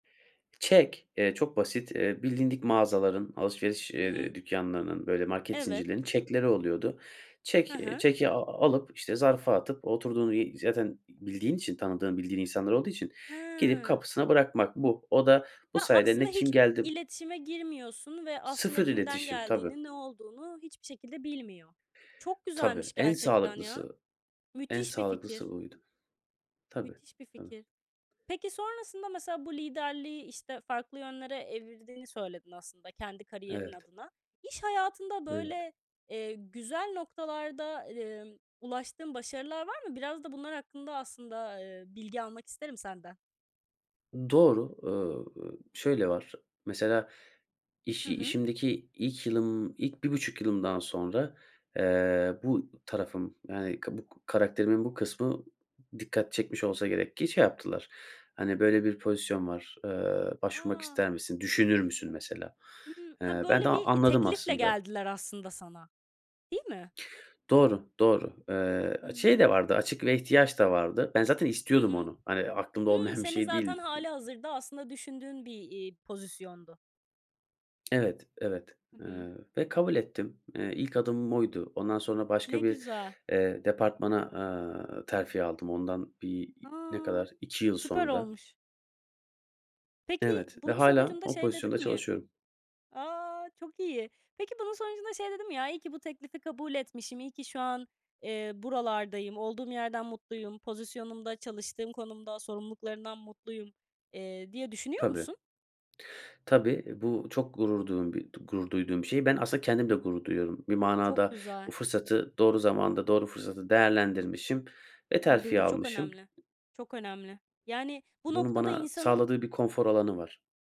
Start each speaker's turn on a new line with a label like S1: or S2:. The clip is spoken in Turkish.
S1: Çek, eee, çok basit. Eee, bilindik mağazaların, alışveriş,
S2: Hı hı.
S1: eee, dükkânlarının, böyle, market
S2: Evet.
S1: zincirlerinin çekleri oluyordu. Çek,
S2: He
S1: eee,
S2: he.
S1: çeki, aaa, alıp, işte, zarfa atıp, oturduğun y zaten bildiğin için, tanıdığın, bildiğin insanlar olduğu için, gidip
S2: Hee.
S1: kapısına bırakmak, bu. O da bu
S2: Ya,
S1: sayede,
S2: aslında
S1: ne kim
S2: hiç
S1: geldi
S2: iletişime girmiyorsun ve aslında
S1: Sıfır
S2: kimden
S1: iletişim, tabii.
S2: geldiğini, ne olduğunu hiçbir şekilde bilmiyor. Çok
S1: Tabii,
S2: güzelmiş
S1: en
S2: gerçekten ya.
S1: sağlıklısı, en
S2: Müthiş bir fikir.
S1: sağlıklısı buydu. Tabii,
S2: Müthiş bir
S1: tabii.
S2: fikir. Peki, sonrasında, mesela, bu liderliği, işte, farklı yönlere evirdiğini söyledin, aslında kendi kariyerin
S1: Evet.
S2: adına. İş hayatında
S1: Evet.
S2: böyle, eee, güzel noktalarda, emm, ulaştığın başarılar var mı? Biraz da bunlar hakkında aslında, eee, bilgi almak isterim senden.
S1: Doğru, ııı, şöyle var. Mesela, iş
S2: Hı hı.
S1: işimdeki ilk yılım, ilk 1,5 yılımdan sonra, eee, bu tarafım, yani, ka buk karakterimin bu kısmı, dikkat çekmiş olsa gerek ki, şey yaptılar, hani, böyle, bir pozisyon var, eee, başvurmak
S2: A!
S1: ister misin, düşünür müsün mesela?
S2: Hımm. Ha,
S1: Eee, ben de
S2: böyle
S1: a
S2: bir
S1: anladım
S2: teklifle
S1: aslında.
S2: geldiler aslında sana. Değil mi?
S1: Doğru, doğru. Eee, şey
S2: Hımm.
S1: de vardı, açık ve ihtiyaç da vardı. Ben zaten
S2: Hı
S1: istiyordum
S2: hı.
S1: onu. Hani, aklımda
S2: Hımm,
S1: olmayan bir
S2: senin,
S1: şey
S2: zaten
S1: değildi.
S2: hâli hazırda aslında düşündüğün bir, iii, pozisyondu.
S1: Evet, evet,
S2: Hı
S1: eee,
S2: hı.
S1: ve kabul ettim. Eee, ilk adımım oydu. Ondan sonra
S2: Ne
S1: başka bir,
S2: güzel.
S1: eee, bir departmana, aaa, terfi aldım, ondan bir ne
S2: A!
S1: kadar 2 yıl
S2: Süper
S1: sonra.
S2: olmuş. Peki,
S1: Evet ve
S2: bunun
S1: hâlâ,
S2: sonucunda
S1: o
S2: şey
S1: pozisyonda
S2: dedin mi
S1: çalışıyorum.
S2: A, çok iyi. Peki, bunun sonucunda şey dedin mi? "Ya, iyi ki bu teklifi kabul etmişim, iyi ki şu an, eee, buralardayım, olduğum yerden mutluyum, pozisyonumda, çalıştığım konumda, sorumluluklarımdan mutluyum" eee, diye düşünüyor
S1: Tabii.
S2: musun?
S1: Tabii, bu çok gurur duğum bir d gurur duyduğum bir şey. Ben, aslında kendim de gurur duyuyorum. Bir
S2: Çok
S1: manada,
S2: güzel.
S1: bu fırsatı doğru zamanda, doğru fırsatı değerlendirmişim ve
S2: Tabii,
S1: terfi
S2: bu çok
S1: almışım.
S2: önemli, çok önemli. Yani, bu
S1: Bunun,
S2: noktada
S1: bana
S2: insanın
S1: sağladığı bir konfor alanı var.